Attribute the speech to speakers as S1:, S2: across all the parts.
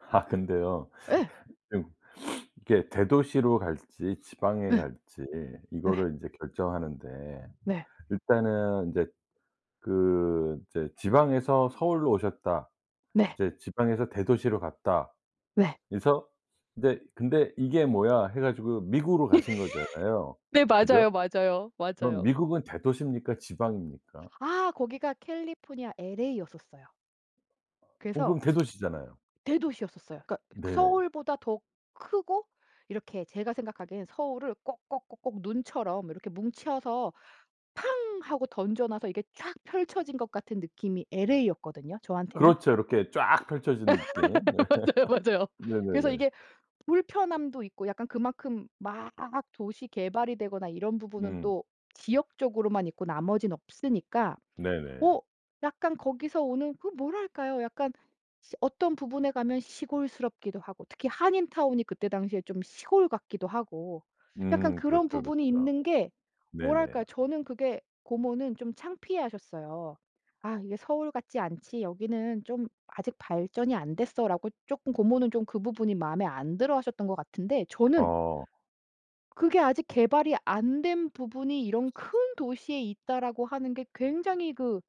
S1: 근데요.
S2: 예.
S1: 음 이게 대도시로 갈지 지방에
S2: 예.
S1: 갈지
S2: 예.
S1: 이거를 인제 결정하는데
S2: 네.
S1: 일단은 이제 그 이제 지방에서 서울로 오셨다
S2: 네.
S1: 이제 지방에서 대도시로 갔다
S2: 네.
S1: 그래서 근데 '근데 이게 뭐야.' 해 가지고 미국으로 가신 거잖아요.
S2: 네.
S1: 그죠?
S2: 맞아요, 맞아요,
S1: 그럼
S2: 맞아요.
S1: 미국은 대도시입니까 지방입니까?
S2: 아 거기가 캘리포니아 엘에이였었어요.
S1: 어
S2: 그래서
S1: 그럼 대도시잖아요.
S2: 대도시였었어요. 그러니까
S1: 네.
S2: 서울보다 더 크고 이렇게 제가 생각하기엔 서울을 꼭꼭꼭꼭 눈처럼 이렇게 뭉쳐서 팡 하고 던져놔서 이게 쫙 펼쳐진 것 같은 느낌이 엘에이였거든요, 저한테는.
S1: 그렇죠. 이렇게 쫙 펼쳐지는 게. 네.
S2: 맞아요, 맞아요. 그래서
S1: 네네네.
S2: 이게 불편함도 있고 약간 그만큼 막 도시 개발이 되거나 이런 부분은
S1: 음.
S2: 또 지역적으로만 있고 나머지는 없으니까 어
S1: 네네.
S2: 약간 거기서 오는 그 뭐랄까요? 약간 시 어떤 부분에 가면 시골스럽기도 하고 특히 한인 타운이 그때 당시에 좀 시골 같기도 하고 약간
S1: 음
S2: 그런
S1: 그렇죠,
S2: 부분이
S1: 그렇죠.
S2: 있는 게 뭐랄까요?
S1: 네네.
S2: 저는 그게 고모는 좀 창피해하셨어요. "아 이게 서울 같지 않지. 여기는 좀 아직 발전이 안 됐어."라고 쪼끔 고모는 좀 그 부분이 마음에 안 들어하셨던 것 같은데 저는
S1: 어.
S2: 그게 아직 개발이 안 된 부분이 이런 큰 도시에 있다라고 하는 게 굉장히 그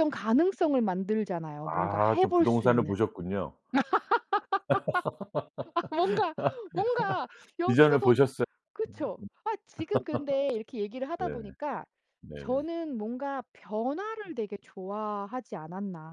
S2: 발전 가능성을 만들잖아요, 뭔가
S1: 아
S2: 해
S1: 좀
S2: 볼 수
S1: 부동산을
S2: 있는.
S1: 보셨군요.
S2: 뭔가, 뭔가 여기도
S1: 비전을
S2: 더
S1: 보셨어요.
S2: 그쵸. 아 지금 근데 이렇게
S1: [unintelligible]
S2: 얘기를 하다
S1: 네.
S2: 보니까
S1: 네.
S2: 저는 뭔가 변화를 되게 좋아하지 않았나.